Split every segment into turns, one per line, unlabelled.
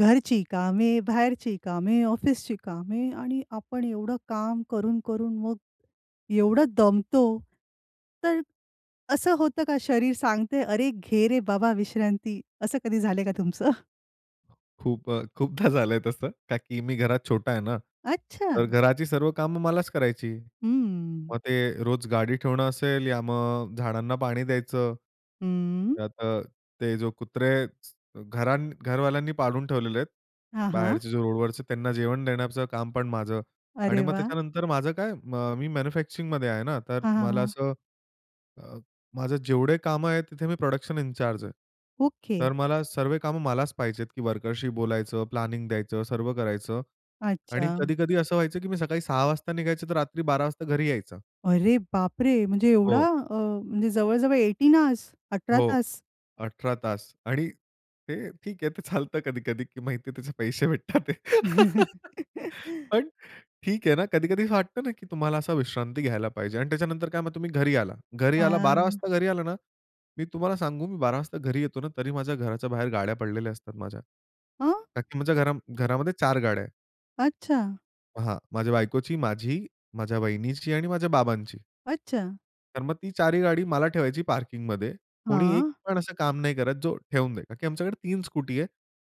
घरची कामे, बाहेरची कामे, ऑफिसची कामे. आणि आपण एवढं काम करून-करून, मग एवढं दमतो, तर असं होतं का शरीर सांगतंय, "अरे, घे रे बाबा विश्रांती." असं कधी झालंय का तुमचं?
खूप अ, खूपदा झालंय तसं. का की मी घरात छोटा आहे ना, तर
अच्छा!
घराची सर्व कामं मलाच करायची.
हम्म.
मग ते रोज गाडी ठेवणं असेल या मग अ, झाडांना पाणी द्यायचं.
हम्म.
त्यात अ, ते जो कुत्रे घरां घरवाल्यांनी पाळून ठेवलेले आहेत.
हां, हां.
बाहेरचे जे रोडवरचे त्यांना जेवण देण्याचं काम पण माझं. आणि
अरे
मग
वाह!
त्याच्यानंतर माझं काय मी मॅन्युफॅक्चरिंगमध्ये आहे ना, तर
हां, हां,
मला
हां.
असं, अ, माझं जेवढे काम आहेत, तिथे मी प्रोडक्शन इन चार्ज आहे.
ओके.
तर मला सर्वे काम मलाच पहायचेत, की वर्कर्सशी बोलायचं, प्लॅनिंग द्यायचं, सर्व करायचं. आणि
अच्छा.
कधी-कधी असं व्हायचं की मी सकाळी 6:00 वाजता निघायचं, तर रात्री 12:00 वाजता घरी यायचं.
अरे बापरे! म्हणजे एवढा
हो.
अ, म्हणजे जवळ, जवळ 18 हॉर्स, 18
हो,
तास.
18 तास. आणि ते ठीक आहे ते चालतं कधी-कधी. माहिती आहे की त्याचे पैसे भेटतात ते. पण ठीक आहे ना, कधी-कधी असं वाटतं ना, की तुम्हाला असा विश्रांती घ्यायला पाहिजे. आणि त्याच्यानंतर काय मग तुम्ही घरी आला. घरी आला 12:00
हां.
वाजता घरी आला ना, मी तुम्हाला सांगू मी 12:00 वाजता घरी येतो ना, तरी माझ्या घराच्या बाहेर गाड्या पडलेल्या असतात माझ्या.
अ
का की म्हणजे घरा घरामध्ये 4 गाड्या आहेत.
अच्छा.
हां, माझ्या बायकोची माझी, माझ्या वहिनीची आणि माझ्या बाबांची.
अच्छा.
तर मग ती 4 ही गाडी मला ठेवायची पार्किंगमध्ये. कोणी एक
हां.
पण असं काम नाही करत, जो ठेवून देतं. का की आमच्याकडे 3 स्कूटी आहे.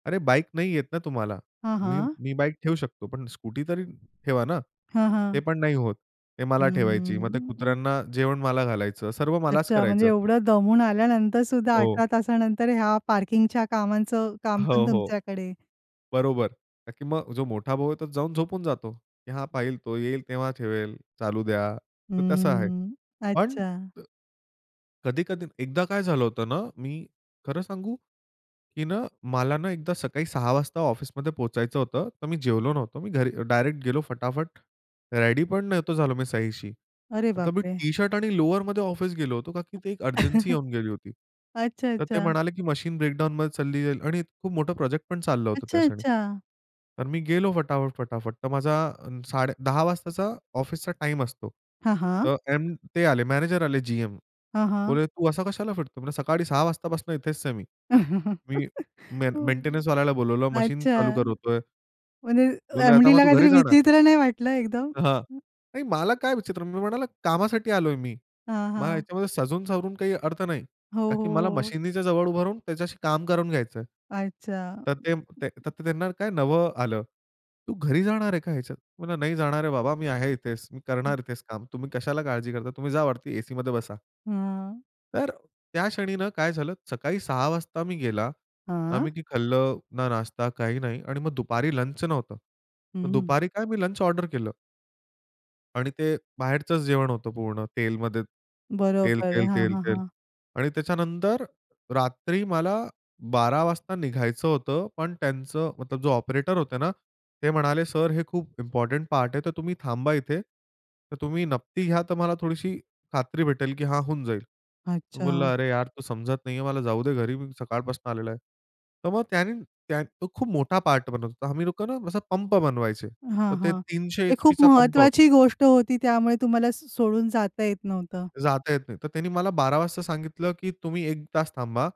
अरे बाईक नाही येत ना तुम्हाला.
हां,
मी
हां.
मी बाईक ठेऊ शकतो, पण स्कूटी तरी ठेवा ना,
हां, हां.
ते पण नाही होतं. ते
हं,
मला ठेवायची,
हं,
मग ते
हं, हं.
कुत्र्यांना जेवण मला घालायचं, सर्व मलाच
अच्छा, म्हणजे
करायचं.
एवढं दमून आल्यानंतर सुद्धा
हो.
18 तासानंतर, ह्या पार्किंगच्या कामाचं
अ,
काम
हो,
पण
हो.
तुमच्याकडे.
बरोबर. का की मग जो मोठा भाऊ आहे तो जाऊन झोपून जातो. की हा पाहिल, तो येईल तेव्हा ठेवेल. चालू द्या तर तसं आहे.
हम्म.
पण
अच्छा.
कधी-कधी एकदा काय झालं होतं ना, मी खरं सांगू, की ना मला ना एकदा सकाळी 6:00 वाजता ऑफिसमध्ये पोहोचायचं होतं तर मी जेवलो नव्हतो. मी घरी डायरेक्ट गेलो फटाफट रेडी पण नव्हतो झालो मी सहीशी.
अरे
आता
बाप
मी
रे!
टी-शर्ट आणि लोवरमध्ये ऑफिस गेलो होतो, का की ती एक अर्जन्सी येऊन गेली होती. तर ते
अच्छा-अच्छा.
म्हणाले की मशीन ब्रेकडाउनमध्ये चालली जाईल आणि खूप मोठं प्रोजेक्ट पण चाललं होतं
अच्छा,
त्याक्षणी.
अच्छा.
तर मी गेलो फटाफट, फटाफट, तर माझा साडे 10:00 वाजताचा ऑफिसचा टाईम असतो.
हां, हां.
तर एम ते आले मॅनेजर आले जी-एम.
हां, हां.
बोलले, "तू असा कशाला फिरतो?" म्हंटलो, "सकाळी 6:00 वाजतापासून इथेच आहे मी, मी में
हो.
मेंटेनन्स
अं,
वाल्याला बोलावलं, मशीन चालू
अच्छा,
करतोय."
म्हणजे
बोलले, "आता मग
एम-डीला
तू घरी
काहीतरी
जाणार?"
विचित्र नाही वाटलं एकदम?
हां. नाही मला काय विचित्र. मी म्हणालो, "कामासाठी आलोय मी."
हां,
मला
हां.
ह्याच्यामध्ये सजून सावरून काही अर्थ नाही.
हो,
का
हो,
की मला
हो.
मशिनीच्या जवळ उभं राहून त्याच्याशी काम करून घ्यायच आहे.
अच्छा. अं,
तर
अं,
ते तर
अं.
त्यांना काय नवलं आलं. "तू घरी जाणार आहे का ह्याच्यात?" म्हणलं, "नाही जाणार आहे बाबा, मी आहे इथेच, मी
हं.
करणार इथेच काम तुम्ही कशाला काळजी करता? तुम्ही जा वरती ए-सीमध्ये बसा."
हां.
तर त्या क्षणी ना काय झालं, सकाळी 6:00 वाजता मी गेला.
हां.
आम्ही की खाल्लं, ना नाश्ता काही नाही. आणि मग दुपारी लंच नव्हतं. मग
हं.
दुपारी काय मी लंच ऑर्डर केलं. आणि ते बाहेरचंच जेवण होतं पूर्ण. तेलमध्ये. तेल,
बरोबर.
तेल,
हां,
तेल,
हां,
तेल.
हां.
आणि त्याच्यानंतर रात्री मला 12:00 वाजता निघायचं होतं. पण त्यांचं मतलब जो ऑपरेटर होते ना, ते म्हणाले, "सर हे खूप इम्पोर्टंट पार्ट आहे. तर तुम्ही थांबा इथे. तर तुम्ही नपती घ्या तर मला थोडीशी खात्री भेटेल की हां होऊन जाईल." मी
अच्छा.
बोलला, "अरे यार तू समजत नाही आहे, मला जाऊ दे घरी. मी सकाळपासनं आलेलो आहे." तर मग त्यांनी त्यां तो खूप मोठा पार्ट बनवत होता. आम्ही लोकं ना असा पंप बनवायचे.
हां,
तर ते
हां.
300
ते खूप
एचपीचा पंप होता.
महत्वाची गोष्ट होती त्यामुळे तुम्हाला स सोडून जाता येत नव्हतं.
जाता येत नाही. तर त्यानी मला 12:00 वाजता सांगितलं की "तुम्ही 1 तास थांबा."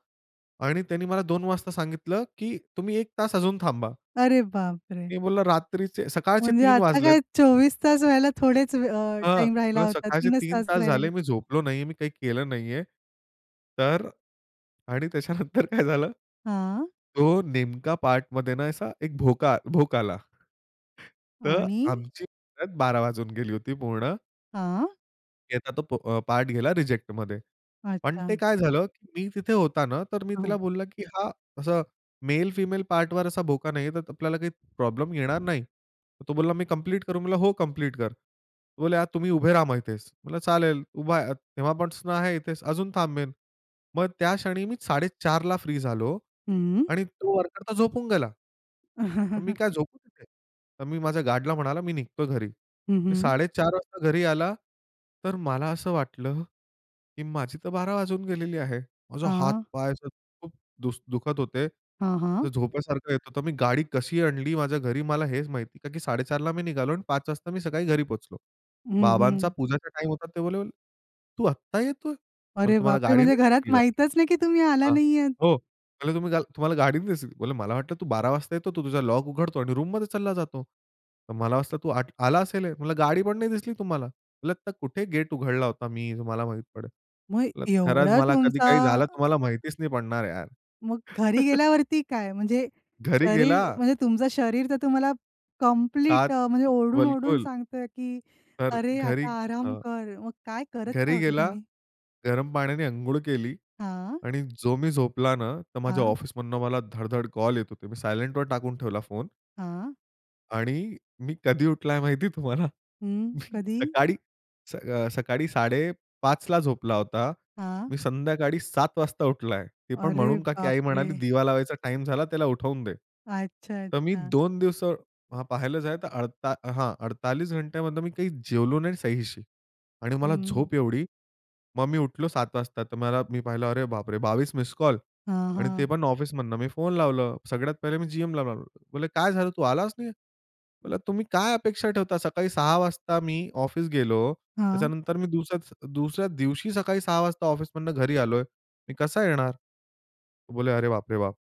आणि त्यानी मला 2:00 वाजता सांगितलं की "तुम्ही 1 तास अजून थांबा."
अरे बाप रे!
मी बोलला रात्रीचे सकाळचे
म्हणजे
3:00
आता
वाजलेत
काय 24 तास व्हायला थोडेच वे अ,
हां. मी
टाईम राहिला
बोलला
होता.
सकाळचे
3च
3
तास
तास
राहिलेले.
झाले मी झोपलो नाही आहे, मी काही केलं नाही आहे. तर आणि त्याच्यानंतर काय झालं
हां?
तो नेमका पार्टमध्ये ना असा एक भोका भोक आला. तर
आणि?
आमची परत बारा वाजून गेली होती पूर्ण.
हां.
त्याचा तो प अ, पार्ट गेला रिजेक्टमध्ये. पण ते
अच्छा.
काय झालं की मी तिथे होताना तर मी
हां.
तिला बोलला की हा असं मेल-फिमेल पार्टवर असा बोका नाहीये तर आपल्याला काही प्रॉब्लेम येणार नाही. तो बोलला, "मी कंप्लीट करू?" म्हणलं, "हो कंप्लीट कर." तर बोलले, "आ तुम्ही उभे रहा मग इथेच." म्हणलं चालेल उभा आहे. तेव्हापासून आहे इथेच अजून थांबेल. मग त्या क्षणी मी 4:30 ला फ्री झालो
हं.
आणि तो वर्कर तर झोपून गेला. मग मी काय झोपू तिथे? तर मी माझ्या गार्डला म्हणाला मी निघतो घरी.
हं,
मी
हं.
4:30 वाजता घरी आला. तर मला असं वाटलं की माझी तर बारा वाजून गेलेले आहे. माझा
हां.
हातपाय असं खूप दुस दुखत होते.
हां, हां.
झोपासारखं येत होतं. मी गाडी कशी आणली माझ्या घरी मला हेच माहित नाही. का की 4:30 ला मी निघालो आणि पाच वाजता मी सकाळी घरी पोहोचलो.
हं,
बाबांचा
हं.
पूजेचा टाईम होता. ते बोलले, "तू आता येतोय?" म्हंटलं,
अरे
"तुम्हाला
बापरे!
गाडी
म्हणजे
नाही
घरात
दिसली का?"
माहीतच नाही की तुम्ही आला
हां.
नाहीयेत.
हो म्हणले, तुम्ही तुम्हाला गाडी नाही दिसली? "मला वाटतं तू 12:00 वाजता येतो तू तुझा लॉक उघडतो आणि रूममध्ये चालला जातो. तर मला वाटतं तू आला असेल." म्हणलं, "गाडी पण नाही दिसली तुम्हाला. म्हणलं आता कुठे गेट उघडला होता मी तुम्हाला माहीत पडलं.
मग
म्हंटलं खरंच
एवढा
मला कधी
तुमचा
काही झालं तुम्हाला माहितीच नाही पडणार यार."
मग घरी गेल्यावरती काय? म्हणजे
घरी गेला
शरीर म्हणजे तुमचं शरीर तर तुम्हाला कंप्लीट
7
अ, म्हणजे ओरडून ओरडून
बिलकुल.
सांगतय की
तर
अरे
घरी
आता आराम
हं.
कर. मग काय करत काय
घरी
होता
गेला,
तुम्ही?
गरम पाण्याने अंघोळ केली
हां.
आणि जो मी झोपला ना तर माझ्या
हां.
ऑफिसमधनं मला धडधड कॉल येत होते. मी सायलेंटवर टाकून ठेवला फोन.
हां.
आणि मी कधी उठलाय माहिती तुम्हाला?
हम्म,
मी
कधी?
सकाळी अ, सकाळी 5:30 ला झोपला होता,
हां.
मी संध्याकाळी 7:00 वाजता उठलाय. ते पण
अरे
म्हणून का की
बाप
आई
रे!
म्हणाली," दिवा लावायचा टाईम झाला त्याला उठवून दे."
अच्छा.
तर मी
अच्छा.
2 दिवस पाहिलं जर, अडता हां 48 घंट्यामध्ये मी काही जेवलो नाही सहीशी आणि मला
हं.
झोप एवढी. मग मी उठलो 7:00 वाजता, तर मला मी पाहिलं, अरे बापरे! 22 मिस्ड कॉल
हां,
आणि ते
हां.
पण ऑफिसमधनं मी फोन लावलं. सगळ्यात पहिले मी जी-एमला म्हणले, "काय झालं? तू आलास नाही." म्हणलं "तुम्ही काय अपेक्षा ठेवता? सकाळी 6 वाजता मी ऑफिस गेलो.
हां.
त्याच्यानंतर मी दुसऱ्या, दुसऱ्या दिवशी सकाळी 6 वाजता ऑफिसमधनं घरी आलोय. मी कसा येणार?" बोले, "अरे बाप रे! बाप."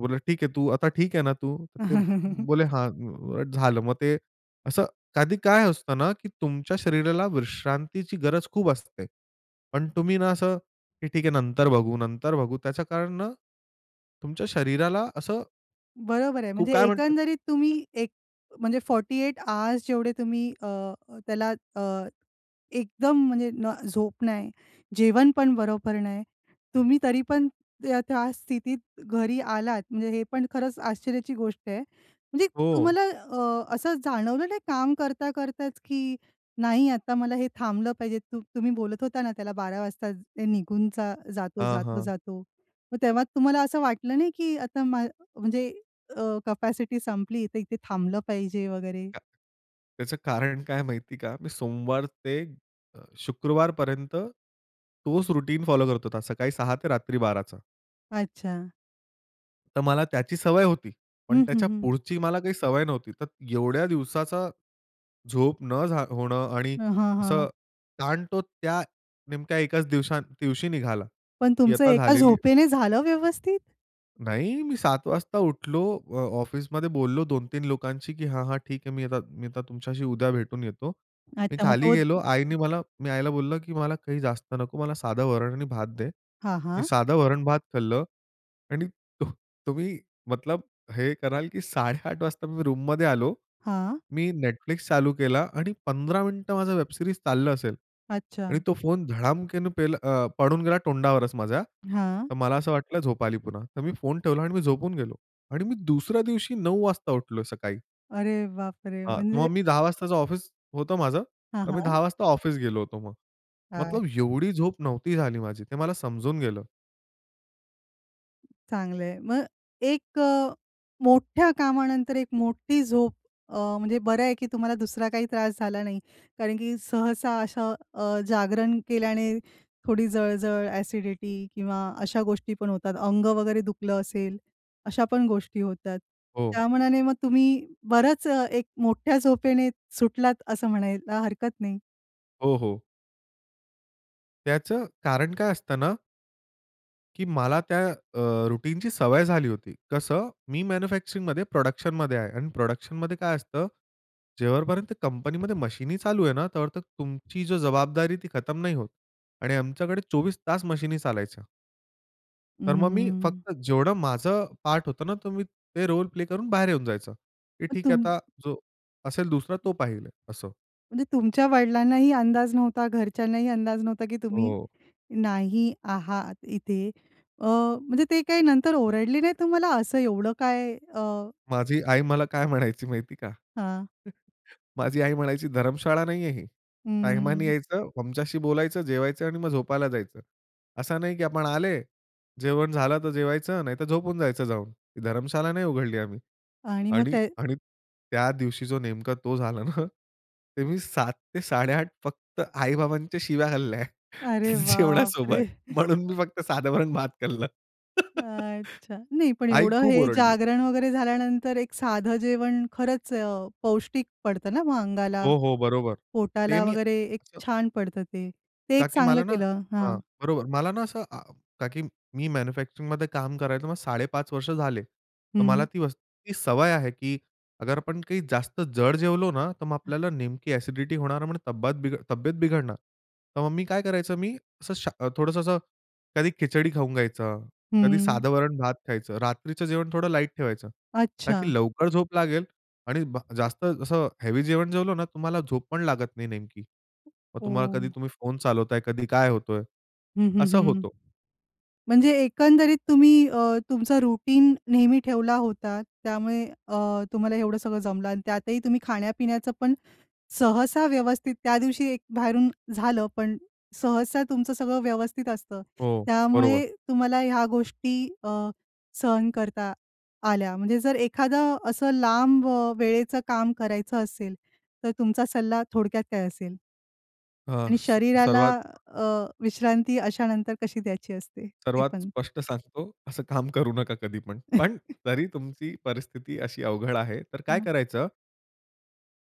बोलले, "ठीक आहे, तू आता ठीक आहे ना तू?" बोले, "हां" झालं. मग, ते असं कधी काय असतं ना, की तुमच्या शरीराला विश्रांतीची गरज खूप असते. पण तुम्ही ना असं की ठीक आहे नंतर बघू, नंतर बघू. त्याच्या कारण ना तुमच्या शरीराला असं
बरोबर आहे.
खु
म्हणजे
काय म्हणते?
एकंदरीत तुम्ही एक म्हणजे 48 आर्स जेवढे तुम्ही अ, त्याला अ, एकदम म्हणजे न झोप नाही, जेवण पण बरोबर नाही, तुम्ही तरी पण त्या, त्या स्थितीत घरी आलात म्हणजे हे पण खरंच आश्चर्याची गोष्ट आहे. म्हणजे
हो.
तुम्हाला अ, असं जाणवलं नाही काम करता करताच, की नाही आता मला हे थांबलं पाहिजे, त तुम्ही बोलत होता ना त्याला 12 वाजता निघून ज जातो,
हां,
जातो,
हां.
जातो; मग तेव्हा तुम्हाला असं वाटलं नाही की आता म्हणजे अ, कॅपॅसिटी संपली इथं, इथे थांबलं पाहिजे वगैरे?
[unintelligible] त्याचं कारण काय माहिती आहे का? मी सोमवार ते अ, शुक्रवार पर्यंत तोच रुटीन फॉलो करत होता. सकाळी 6 ते रात्री 12 चा.
अच्छा.
तर मला त्याची सवय होती. पण
हं, हं,
त्याच्या
हं.
पुढची मला काही सवय नव्हती. तर एवढ्या दिवसाचा झोप न झा होणं आणि
हां, हां,
असं,
हां.
ताण तो त्या नेमक्या एकाच दिवसा दिवशी निघाला.
पण
की
तुमचं
आता
एका
झालेली
झोपेने झालं व्यवस्थित?
नाही, मी 7:00 वाजता उठलो, अ, ऑफिसमध्ये बोललो 2-3 लोकांशी, की "हां, हां, ठीक आहे, मी आता मी आता तुमच्याशी उद्या भेटून येतो." मी
अच्छा मग
खाली
तो
गेलो,
[unintelligible]
आईने मला मी आईला बोललं की "मला काही जास्त नको, मला साधं वरण आणि भात दे."
हां,
मी
हां.
साधं वरण-भात खाल्लं. आणि तो तुम्ही, मतलब हे कराल की 8:30 वाजता मी रूममध्ये आलो,
हां.
मी Netflix चालू केला, आणि 15 मिनिटं माझं वेब सीरीज चाललं असेल.
अच्छा.
आणि तो फोन धडामकेने पेल अ, पडून गेला तोंडावरचं माझ्या.
हां.
तर मला असं वाटलं झोप आली पुन्हा. तर मी फोन ठेवला आणि मी झोपून गेलो. आणि मी दुसऱ्या दिवशी 9:00 वाजता उठलो सकाळी.
अरे, बापरे!
हां.
म्हणजे
मग मी 10:00 वाजताचं ऑफिस होतं माझं,
हां,
तर मी
हां.
10:00 वाजता ऑफिस गेलो होतो मग. मतलब
अच्छा.
एवढी झोप नव्हती झाली माझी, ते मला समजून गेलं.
चांगल आहे. मग एक अ, मोठ्या कामानंतर एक मोठी झोप, अ, म्हणजे बरं आहे की तुम्हाला दुसरा काही त्रास झाला नाही. कारण की सहसा अशा अ, जागरण केल्याने थोडी जळजळ, ॲसिडिटी किंवा अशा गोष्टी पण होतात. अंग वगैरे दुखलं असेल, अशा पण गोष्टी होतात.
हो.
त्या मानाने मग तुम्ही बरंच एक मोठ्या झोपेने, सुटलात असं म्हणायला हरकत नाही.
हो, हो. त्याचं कारण काय असत ना की मला त्या अ, रूटीनची सवय झाली होती. कसं? मी मॅन्युफॅक्चरिंगमध्ये प्रोडक्शनमध्ये आहे आणि प्रोडक्शनमध्ये काय असतं, जेव्हापर्यंत कंपनीमध्ये मशीनी चालू आहे ना, तेव्हा तर तुमची जबाबदारी ती खतम नाही होत. आणि आमच्याकडे 24 तास मशीनी चालायच्या. तर मग मी
हम्म.
फक्त जेवढं माझं पार्ट होतं ना, तर मी ते रोल प्ले करून बाहेर येऊन जायचं. की
मग
ठीक आहे
तुम
आता जो असेल दुसरा, तो पाहिल असं.
म्हणजे तुमच्या वडिलांनाही अंदाज नव्हता, घरच्यांनाही अंदाज नव्हता की तुम्ही
हो.
नाही आहात इथे अ, म्हणजे ते काही नंतर ओरडले नाही तुम्हाला? असं एवढं काय अ
माझी आई मला काय म्हणायची माहिती आहे का?
हां.
माझी आई म्हणायची, "धर्मशाळा नाहीये ही. टाईमानी
हम्म.
यायचं, आमच्याशी बोलायचं, जेवायचं, आणि मग झोपायला जायचं. असा नाही की आपण आले, जेवण झालं तर जेवायचं नाहीतर झोपून जायचं जाऊन. ही धर्मशाला नाही उघडली आम्ही."
आणि मग
आणि
ते
आणि त्या दिवशी जो नेमका तो झाला ना ते मी 7:00-8:30 फक्त आई-बाबांच्या शिव्या खाल्ल्या
अरे बाप
जेवणासोबत.
रे!
म्हणून मी फक्त साध वरण-भात खाल्लं.
अच्छा, नाही पण
आई
एवढं
खूप
हे
ओरडली.
जागरण वगैरे झाल्यानंतर एक साधं जेवण खरंच अ, पौष्टिक पडतं ना मग अंगाला.
हो, हो. बरोबर. ते
पोटाला
मी.
वगैरे एक छान पडतं ते. ते
का
एक
की
चांगलं
मला ना
केलं
हां,
हां.
बरोबर मला ना असं अ, की मी मॅन्युफॅक्चरिंगमध्ये काम करायचो. मग 5.5 वर्ष झाले. तर मला
हं.
ती [unintelligible] इतकी सवय आहे की अगर आपण काही जास्त जड जेवलो ना, तर मग आपल्याला नेमकी ॲसिडिटी होणार, म्हणून तब्बात तब्येत बिघडणार, तर मग मी काय करायचं मी असं शा थोडंसं असं कधी खिचडी खाऊन घ्यायचं, कधी
हम्म.
साध वरण-भात खायचं, रात्रीचं जेवण थोडं लाईट ठेवायचं. का
अच्छा.
की लवकर झोप लागेल आणि ब, जास्त असं हेवी जेवण जेवलं ना, तुम्हाला झोप पण लागत नाही नेमकी. मग तुम्हाला कधी
ओ.
तुम्ही फोन चालवताय, कधी काय होतोय,
हं, हं,
असं
हं.
होतो.
म्हणजे एकंदरीत तुम्ही अ, तुमचं रूटीन नेहमी ठेवला होता. त्यामुळे अ, तुम्हाला एवढं सगळं जमलं आणि त्यातही तुम्ही खाण्या-पिण्याचं पण सहसा व्यवस्थित, त्या दिवशी एक बाहेरून झालं. पण सहसा तुमचं सगळं व्यवस्थित असतं.
हो बरोबर.
त्यामुळे तुम्हाला ह्या गोष्टी अ, सहन करता आल्या. म्हणजे जर एखादं असं लांब अ, वेळेचं काम करायचं असेल, तर तुमचा सल्ला थोडक्यात काय असेल?
अ,
आणि
स
शरीराला
सर्वात
अ, विश्रांती अशा नंतर कशी द्यायची असते, ते
सर्वात
पण?
स्पष्ट सांगतो असं काम करू नका कधीपण. पण जरी तुमची परिस्थिती अशी अवघड आहे तर काय
हं.
करायचं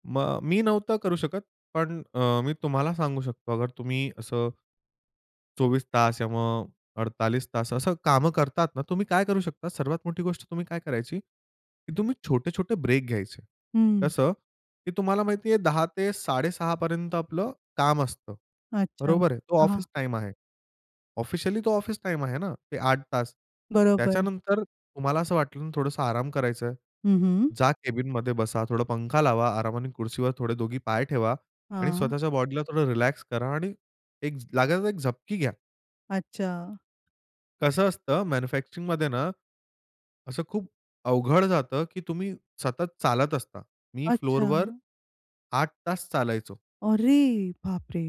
मग मी नव्हतं करू शकत पण अ, मी तुम्हाला सांगू शकतो अगर तुम्ही असं. 24 तास किंवा मग 48 तास असं कामं करतात ना, तुम्ही काय करू शकता सर्वात मोठी गोष्ट तुम्ही काय करायची? की तुम्ही छोटे-छोटे ब्रेक घ्यायचे.
हं.
कसं की तुम्हाला माहिती आहे 10:00 ते 6:30 पर्यंत आपलं काम असतं.
अच्छा,
बरोबर आहे तो
हां,
ऑफिस
हां.
टाईम आहे. ऑफिशियली तो ऑफिस टाईम आहे ना, ते 8 तास.
बरोबर.
त्याच्यानंतर तुम्हाला असं वाटलं ना थोडंसं आराम करायचं आहे.
हं, हं.
जा कॅबिनमध्ये बसा, थोडा पंखा लावा आरामाने खुर्चीवर थोडे दोघी पाय ठेवा आणि
हां.
स्वतःच्या बॉडीला थोडं रिलॅक्स करा आणि 1 लागायचं तर एक झपकी घ्या.
अच्छा.
कसं असतं मॅन्युफॅक्चरिंगमध्ये ना, असं खूप अवघड जातं की तुम्ही सतत चालत असता. मी
अच्छा.
फ्लोअरवर 8 तास चालायचो.
अरे बाप रे!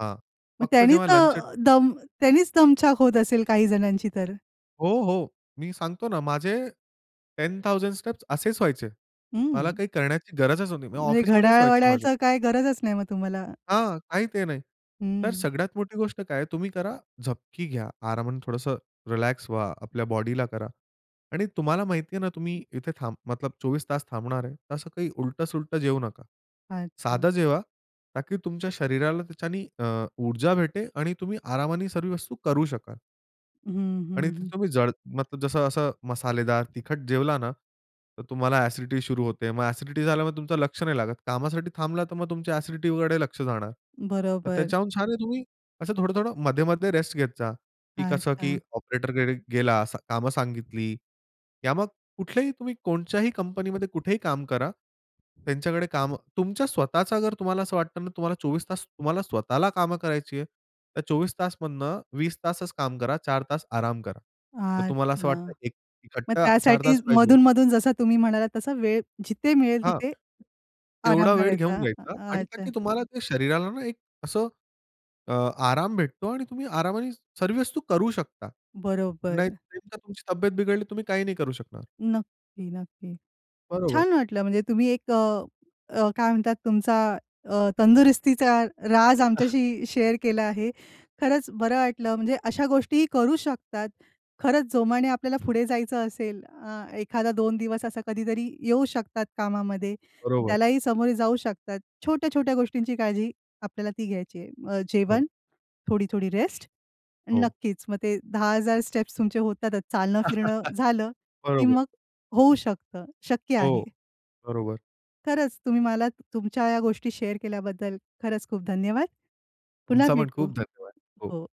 हा
मग
फक्त
त्यानीच
जेव्हा लंच अ
अ, दम त्यांनीच दमछाक होत असेल काही जणांची तर?
हो, हो. मी सांगतो ना माझे 10,000 स्टेप्स असेच व्हायचे. मला
हं.
काही करण्याची गरजच नाही. म्हणजे
म्हणजे
ऑफिसमध्येच व्हायचे माझे.
घड्याळ-वडाळ्याच काय गरजच नाही मग तुम्हाला.
हां. काही ते नाही. तर
हं.
सगळ्यात मोठी गोष्ट काय आहे तुम्ही करा झपकी घ्या आरामाने थोडंसं रिलॅक्स व्हा आपल्या बॉडीला करा आणि तुम्हाला माहिती आहे ना
[unintelligible]
तुम्ही इथे थांब मतलब 24 तास थांबणार आहे तर असं काही उलटं-सुलटं जेऊ नका.
अच्छा.
साधं जेवा ताकी तुमच्या शरीराला त्याच्याने अ, ऊर्जा भेटे आणि तुम्ही आरामाने सर्व वस्तू करू शकाल.
हं, हं,
आणि जर
हं.
तुम्ही जड मतलब जसं असं मसालेदार तिखट जेवला ना तर तुम्हाला ॲसिडिटी सुरू होते. मग ॲसिडिटी झाल्यामुळे तुमचं लक्ष नाही लागत. कामासाठी थांबला तर मग तुमच्या ॲसिडिटीकडे लक्ष जाणार. तर
बरोबर.
त्याच्याहून छान आहे तुम्ही असं थोडं-थोडं मध्ये-मध्ये रेस्ट घेत जा की कसं
अच्छा.
की ऑपरेटरकडे गेला, कामं सांगितली. या मग कुठलेही तुम्ही कोणच्याही कंपनीमध्ये कुठेही काम करा. त्यांच्याकडे काम तुमच्या स्वतःचा जर तुम्हाला असं वाटतं ना तुम्हाला 24 तास तुम्हाला स्वतःला कामं करायची आहे तर 24 तास मधनं 20 तासच काम करा, 4 तास आराम करा. तर तुम्हाला असं
अच्छा.
वाटतं एक
मग
इकट्टा 4
त्यासाठी
तास पाहिजे
मधून-मधून जसं तुम्ही म्हणालात तसा वेळ जिथे मिळेल
हां.
तिथे आराम
तेवढा वेळ घेऊन
करायचा.
घ्यायचा आणि का
अच्छा.
की तुम्हाला ते शरीराला ना एक असं अ, आराम भेटतो आणि तुम्ही आरामाने सर्व वस्तू करू शकता. नाही,
बरोबर.
नेमका तुमची तब्येत बिघडली तुम्ही काही नाही करू शकणार.
नक्की, नक्की.
बरोबर.
छान वाटलं म्हणजे तुम्ही एक अ, अ, काय म्हणतात तुमचा अ, तंदुरुस्तीचा राज आमच्याशी शेअर केला आहे. खरंच बरं वाटलं. म्हणजे अशा गोष्टीही करू शकतात. खरंच जोमाने आपल्याला पुढे जायचं असेल अ, एखादा दोन दिवस असा कधीतरी येऊ शकतात कामामध्ये.
बरोबर.
त्यालाही सामोरे जाऊ शकतात. छोट्या-छोट्या गोष्टींची काळजी आपल्याला ती घ्यायची आहे. अ,
हो.
जेवण, थोडी-थोडी रेस्ट आणि
हो.
नक्कीच मग ते 10,000 स्टेप्स तुमचे होतातच चालणं, फिरणं झालं की
बरोबर.
मग होऊ शकतं. शक्य आहे.
हो. बरोबर.
खरंच तुम्ही मला तुमच्या ह्या गोष्टी शेअर केल्याबद्दल खरंच खूप धन्यवाद. पुन्हा
तुमचा पण
भेटू.
खूप धन्यवाद. हो.
हो.